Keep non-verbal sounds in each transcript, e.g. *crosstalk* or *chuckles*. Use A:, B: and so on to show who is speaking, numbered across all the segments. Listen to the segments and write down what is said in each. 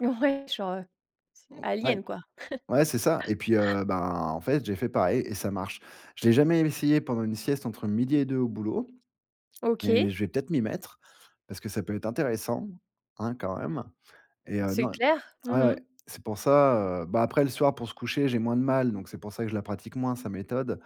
A: Ouais, genre, c
B: Mmh, ouais.
A: Alien quoi?
B: Ouais, c'est ça et puis,
A: *laughs*
B: heu, bah en fait, j'ai fait pareil et ça marche. Je l'ai jamais essayé pendant une sieste entre 12:00 et 2 au boulot, mais
A: OK.
B: je vais peut-être m'y mettre, parce que ça peut être intéressant, hein, quand même et heu,
A: C'est
B: non
A: clair.
B: ouais,
A: Mmh
B: ouais.
A: mh.
B: C'est pour ça, heu bah, après le soir pour se coucher, j'ai moins de mal, donc, c'est pour ça que je la pratique moins sa méthode,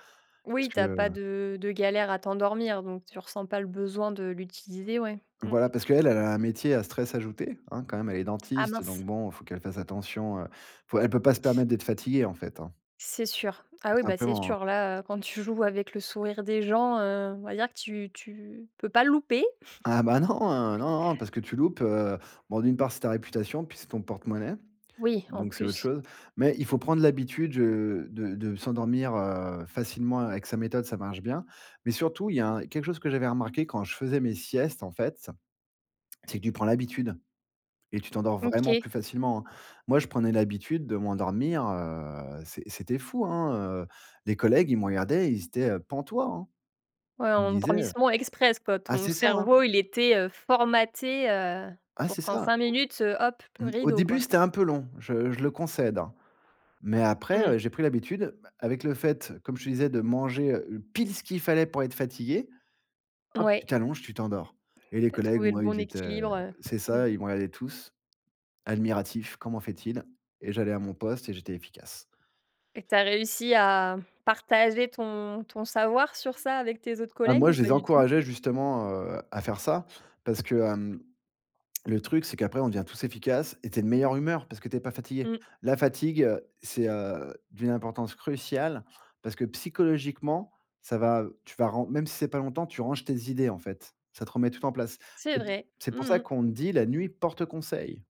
B: parce
A: Oui, tu
B: que
A: as pas de de galère à t'endormir, donc tu ressens pas le besoin de l'utiliser, ouais? Mmh.
B: Voilà, parce qu'elle elle a un métier à stress ajouté, hein, quand même, elle est
A: Ah
B: dentiste,
A: mince.
B: donc bon, il faut qu'elle fasse attention. Faut elle peut pas se permettre d'être fatiguée en fait, hein
A: C'est sûr. Ah oui,
B: tout
A: bah, c'est
B: simplement, hein.
A: sûr. Là, heu, quand tu joues avec le sourire des gens, heu, on va dire que tu tu peux pas le louper. *chuckles*
B: Ah, bah, non. Non, non, parce que tu loupes, heu bon d'une part c'est ta réputation, puis c'est ton porte-monnaie,
A: Oui, en
B: donc c'est autre
A: plus.
B: chose, mais il faut prendre l'habitude, heu, de de s'endormir, heu, facilement avec sa méthode, ça marche bien. Mais surtout, il y a un quelque chose que j'avais remarqué quand je faisais mes siestes, en fait. C'est que tu prends l'habitude et tu t'endors vraiment
A: OK.
B: plus facilement, hein. Moi, je prenais l'habitude de m'endormir, heu, c'est c'était fou, hein, heu les collègues, ils me regardaient, ils étaient pantois, hein.
A: Ouais,
B: Ils me disaient, heu
A: endormissement express quoi.
B: ah
A: Ton
B: c'est ça, hein!
A: cerveau, il était formaté, heu,
B: Ah
A: pour
B: c'est
A: qu'en
B: ça.
A: 5 minutes, hop p
B: Mmh. Au
A: rideau
B: début,
A: quoi.
B: c'était un peu long, je je le concède, hein. Mais
A: Mmh.
B: après, j'ai pris l'habitude, bah, avec le fait, comme je te disais, de manger pile, ce qu'il fallait pour être fatigué. Hop, tu
A: Oui.
B: t'allonges, tu t'endors et les
A: Tu as
B: collègues,
A: trouvé le
B: moi,
A: bon
B: ils étaient
A: équilibre.
B: c'est
A: Mmh.
B: ça, ils me regardaient tous, admiratifs «Comment fait-il?» Et j'allais à mon poste et j'étais efficace.
A: Et que tu as réussi à, partager ton ton savoir sur ça avec tes autres
B: Ah,
A: collègues
B: moi,
A: ou
B: je
A: pas
B: les
A: du tout?
B: encourageais justement, heu, à faire ça, parce que, hem, le truc, c'est qu'après, on devient tous efficaces et tu es de meilleure humeur, parce que tu es pas fatigué.
A: Mmh.
B: La fatigue, c'est, heu, d'une importance cruciale, parce que psychologiquement, ça va tu vas, ren même si c'est pas longtemps, tu ranges tes idées en fait, ça te remet tout en place.
A: C'est vrai.
B: C'est
A: Mmh
B: pour ça
A: mh.
B: qu'on te dit: «La nuit porte conseil».